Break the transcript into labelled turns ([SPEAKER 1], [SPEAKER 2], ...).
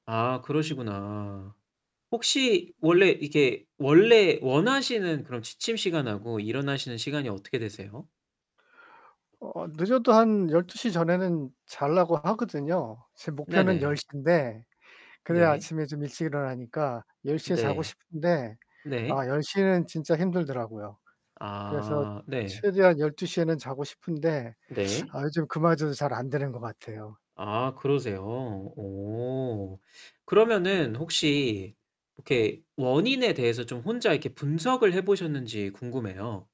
[SPEAKER 1] 아 그러시구나. 혹시 원래 이게 원래 원하시는 그런 취침 시간하고 일어나시는 시간이 어떻게 되세요?
[SPEAKER 2] 어 늦어도 한 12:00 전에는 자려고 하거든요. 제 목표는 열
[SPEAKER 1] 네네.
[SPEAKER 2] 시 인데 그래야
[SPEAKER 1] 네.
[SPEAKER 2] 아침에 좀 일찍 일어나니까 10:00 에 자고
[SPEAKER 1] 네.
[SPEAKER 2] 싶은데
[SPEAKER 1] 네.
[SPEAKER 2] 아 10:00 에는 진짜 힘들더라고요. 그래서
[SPEAKER 1] 아 네.
[SPEAKER 2] 최대한 12:00 에는 자고 싶은데
[SPEAKER 1] 네.
[SPEAKER 2] 아 요즘 그마저도 잘 안 되는 것 같아요.
[SPEAKER 1] 아 그러세요. 어 그러면은 혹시 이렇게 원인에 대해서 좀 혼자 이렇게 분석을 해 보셨는지 궁금해요.